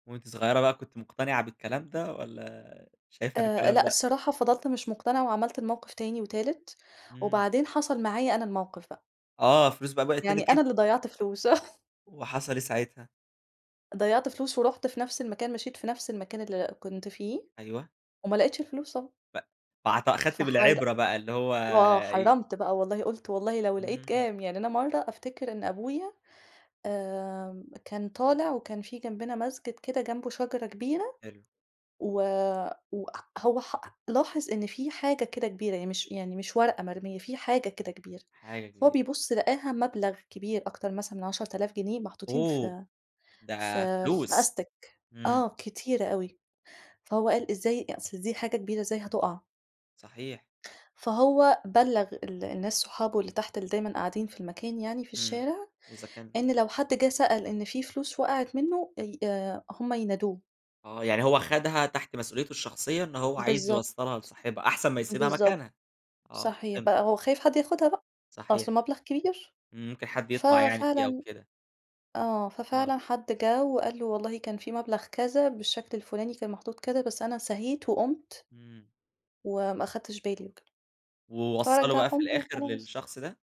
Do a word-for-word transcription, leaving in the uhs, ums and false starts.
وأنتِ صغيّرة بقى كنتِ مقتنِعة بالكلام ده والّا شايفة إن آآ الكلام لأ، لأ؟ الصراحة فضَلت مش مقتنعة وعملت الموقِف تاني وتالت إمم. وبعدين حصَل معايا أنا الموقِف بقى. آه، الفلوس بقى وقعِت يعني منِك أنا أنتِ؟ اللي ضيّعت فلوس، آه وحصَل إيه ساعتها؟ ضيّعت فلوس ورُحت في نفْس المكان، مشيت في نفْس المكان اللي كنت فيه، أيوه. وما لقيتش الفلوس طبعًا. ف فاعت خدتِ فحر بالعِبرة بقى اللي هو آه ي حرّمت بقى والله، قُلت والله لو لقيت إمم. كام، يعني أنا مرَّة أفتكِر إن أبويا آمم، كان طالِع وكان في جنبنا مسجد كده جنبه شجرة كبيرة حلو. و وأ أ هو حأ لاحظ إن في حاجة كده كبيرة، يعني مش يعني مش ورقة مرميّة، في حاجة كده كبيرة، حاجة فهو كبيرة بيبُص لقاها مبلَغ كبير أكتر مثلًا من عَشرة آلاف جنيه محطوطين أوه! في ده في في فلوس. أستِك، إمم. آه كتيرة أوي، فهو قال إزاي أ أصل دي حاجة كبيرة، إزاي هتُقَع. صحيح. فهو بلّغ ال الناس صحابه اللي تحت، اللي دايمًا قاعدين في المكان يعني، في إمم، الشارع، إذا كان إن لو حد جِه سأل إن في فلوس وقعِت منّه، أي آآ هُم ينادوه. آه، يعني هو خَدها تحت مسؤوليته الشخصية إن هو عايز بالضبط. يوصّلها لصاحبها أحسن ما يسيبها بالضبط، مكانها، آه صحيح، فهِمتِك بقى هو خايف حد ياخدها بقى، أصله صحيح. مبلَغ كبير. ممكن حد ف يطمَع يعني فيها فعلًا كده. آه، آه. ففعلًا حد جَه وقال له والله كان في مبلَغ كذا، بالشكل الفُلاني كان محطوط كذا، بس أنا سَهيت وقُمت إمم. وما أخدتش بالي وكده، ووصّله بقى في فرجّعهم له الآخِر وخلاص. للشخص ده؟